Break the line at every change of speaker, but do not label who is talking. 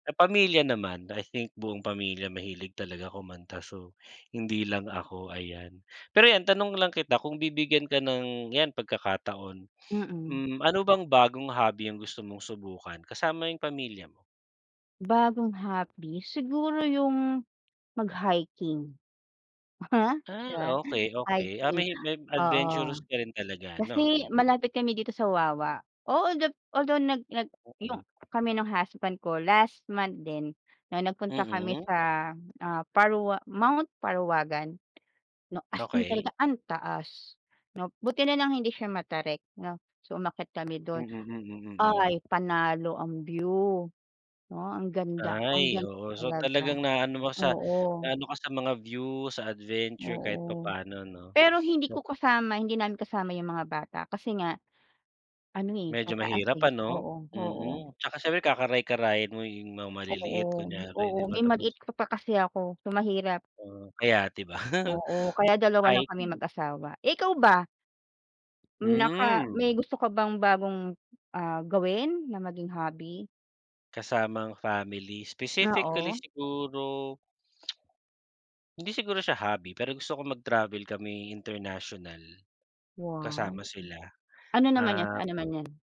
Sa pamilya naman, I think, buong pamilya mahilig talaga kumanta. So, hindi lang ako, ayan. Pero 'yan tanong lang kita, kung bibigyan ka ng 'yan pagkakataon.
Mm.
Hmm, ano bang bagong hobby ang gusto mong subukan kasama 'yong pamilya mo?
Bagong hobby? Siguro 'yong mag-hiking. 'Di
Ah,
ba?
okey, okey. Ah,
Hiking,
mahi [unintelligible]
oo.
adventurous ka rin talaga, no?
Kasi
Mm.
malapit kami dito sa Wawa. Oo gab although nag nag 'yong
Oo.
kami no'ng husband ko last month din no'ng nagpunta kami
Mm.
sa, ah, Parwa Mt. Parawagan, 'no? As in
Okey.
talaga ang taas, 'no? Buti na lang hindi siya matarik, 'no? So, umakyat kami
Mm,
do'n.
mm, mhm.
Ay panalo ang view, 'no, ang ganda ang
Ay,
ganda
oo. So,
talaga.
talagang naaano mo sa
Oo.
naano ka sa mga view, sa adventure kahit
Oo.
papano, 'no?
Pero hindi
Tsa
ko kasama hindi namin kasama 'yong mga bata kasi nga, ano, eh,
Medyo
mataas,
mahirap,
eh.
ano?
Oo oo.
Mhm. Tsaka ,siyempre, kakaray-karayin mo 'yong mga maliliit,
Oo
kunyari,
oo.
'di ba?
May
Tapos
maliit ka pa kasi ako. So, mahirap.
Oo, kaya, di ba?
Oo, kaya dalawa lang kaming
Hiking.
mag-asawa. Eh, ikaw ba? Naka
Hmm.
may gusto ka bang bagong, ah, gawin na maging hobby?
Kasama ang family? Specifically,
Oo.
siguro hindi siguro siya hobby, pero gusto ko mag-travel kami international
Wow!
kasama sila.
Ano naman 'yan, saan
Um
naman 'yan?